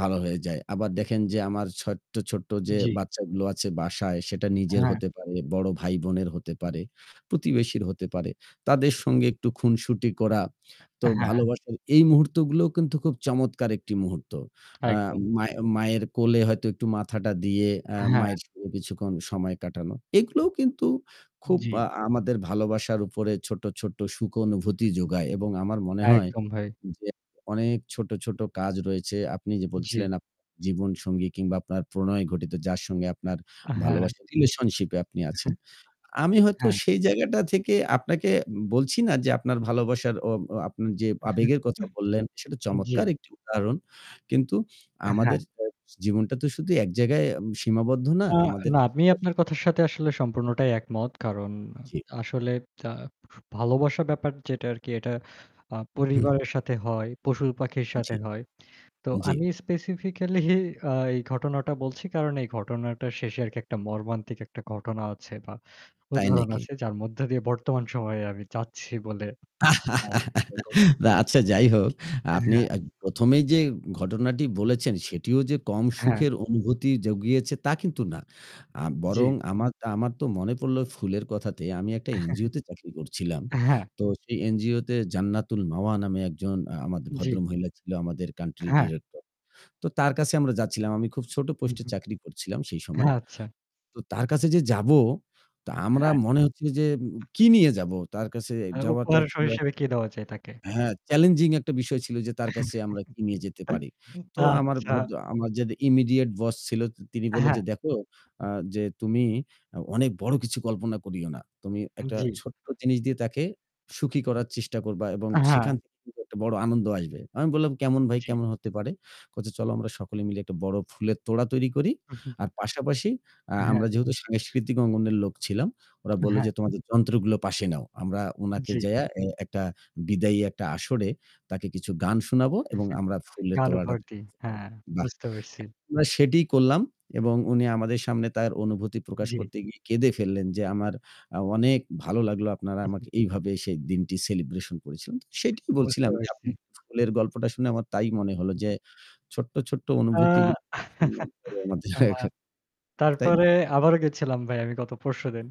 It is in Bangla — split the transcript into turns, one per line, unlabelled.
ভালো হয়ে যায়। আবার দেখেন যে আমার ছোট্ট, ছোট্ট যে
জি।
বাচ্চাগুলো আছে বাসায় সেটা নিজের
হ্যাঁ।
হতে পারে, বড় ভাই বোনের হতে পারে। প্রতিবেশীর
জি।
হতে পারে। তাদের সঙ্গে একটু খুনসুটি করা। তো
হ্যাঁ।
ভালোবাসার এই মুহূর্তগুলোও কিন্তু খুব চমৎকার একটি মুহূর্ত। আ
একদম।
মায়ের মায়ের কোলে হয়তো একটু মাথাটা দিয়ে আ
হ্যাঁ।
মায়ের সঙ্গে কিছুক্ষণ সময় কাটানো। এগুলোও কিন্তু খুব
জি।
আ আমাদের ভালোবাসার উপরে ছোট্ট, ছোট্ট সুখ অনুভূতি যোগায়। এবং আমার মনে হয়
একদম ভাই।
যে অনেক ছোট, ছোট কাজ রয়েছে। আপনি যে
জি।
বলছিলেন আপনার জীবনসঙ্গী কিংবা আপনার প্রণয় ঘটিত যার সঙ্গে আপনার
হ্যাঁ।
ভালোবাসার রিলেশনশিপ এ আপনি
উহুম।
আছেন। আমি হয়তো
হ্যাঁ।
সেই জায়গাটা থেকে আপনাকে বলছি না যে আপনার ভালোবাসার ও ও আ আপনার যে আবেগের কথা বললেন সেটা চমৎকার
জি।
একটি উদাহরণ। কিন্তু
হ্যাঁ।
আমাদের জীবনটা তো শুধু এক জায়গায় সীমাবদ্ধ না।
আ
আমাদের
না আমি আপনার কথার সাথে আসলে সম্পূর্ণটাই একমত। কারণ
জি।
আসলে আ ভালোবাসার ব্যাপার যেটা আরকি এটা আ
হু।
পরিবারের সাথে হয়, পশুপাখির সাথে
জি।
হয়। তো
জি।
আমি স্পেসিফিকালি আ এই ঘটনাটা বলছি কারণ এই ঘটনাটার শেষে আরকি একটা মর্মান্তিক একটা ঘটনা আছে বা
তাই
উদাহরণ
নাকি?
আছে যার মধ্য দিয়ে বর্তমান সময়ে আমি যাচ্ছি বলে [unintelligible]
আচ্ছা যাই হোক, আপনি
হ্যাঁ।
প্রথমেই যে ঘটনাটি
[unintelligible]
বলেছেন সেটিও যে কম
হ্যাঁ।
সুখের অনুভূতি জুগিয়েছে তা কিন্তু না। আ বরং
জি।
আমার আমার তো মনে পড়ল ফুলের কথাতে আমি একটা এনজিও তে চাকরি করছিলাম।
হ্যাঁ।
তো সেই এনজিও তে ’জান্নাতুল মাওয়া’ নামে ১ জন
জি।
ভদ্রমহিলা ছিল আমাদের কান্ট্রি
হ্যাঁ।
ডিরেক্টর। তো তার কাছে আমরা যাচ্ছিলাম। আমি খুব ছোট
হু,
পোস্টে
হু।
চাকরি করছিলাম সেই সময়। তো তার কাছে যে যাব, তো আমার
হ্যাঁ।
মনে হচ্ছিল যে কি নিয়ে যাবো? তার কাছে যাওয়াটা
উপহার
ছিল।
হিসেবে কে দেওয়া যায় তাকে?
হ্যাঁ, চ্যালেঞ্জিং একটা বিষয় ছিল যে তার কাছে আমরা কি নিয়ে যেতে পারি। তো আমার
আচ্ছা।
আমার যে ইমিডিয়েট বস ছিল তিনি বলল
হ্যাঁ।
যে "দেখো আ যে তুমি অনেক বড় কিছু কল্পনা করিও না। তুমি একটা
জি।
ছোট্ট জিনিস দিয়ে তাকে সুখী করার চেষ্টা করবা এবং
হ্যাঁ।
সেখান থেকে একটা বড় আনন্দ আসবে। আমি বললাম এমন ভাই
জি।
কেমন হতে পারে? বলছে চলো আমরা সকলে মিলে একটা বড় ফুলের তোড়া তৈরি করি।
উহু।
আর পাশাপাশি আ
হ্যাঁ।
আমরা যেহেতু সাংস্কৃতিক অঙ্গনের লোক ছিলাম, ওরা বলল
হ্যাঁ।
যে তোমাদের যন্ত্রগুলো পাশে নাও। আমরা উনাকে
জি।
যাইয়া একটা বিদায়ী একটা আসরে তাকে কিছু গান শোনাবো এবং আমরা ফুলের
গান
তোড়াটা তার
ভর্তি।
হাতে
হ্যাঁ,
দিব।" বাহ!
বুঝতে পারছি।
আমরা সেটিই করলাম এবং উনি আমাদের সামনে তার অনুভূতি প্রকাশ
জি।
করতে গিয়ে কেঁদে ফেললেন যে আমার অনেক ভালো লাগলো আপনারা আমাকে এইভাবে সেই দিনটি সেলিব্রেশন করেছিলেন। সেটাই
বুঝতে
বলছিলাম যে
পেরেছি।
আপনি ফুলের গল্পটা শুনে আমার তাই মনে হলো যে ছোট্ট ছোট্ট
আ
অনুভূতিগুলো [unintelligible] তাই না?
তারপরে আবারও গেছিলাম ভাই আমি গত পরশুদিন।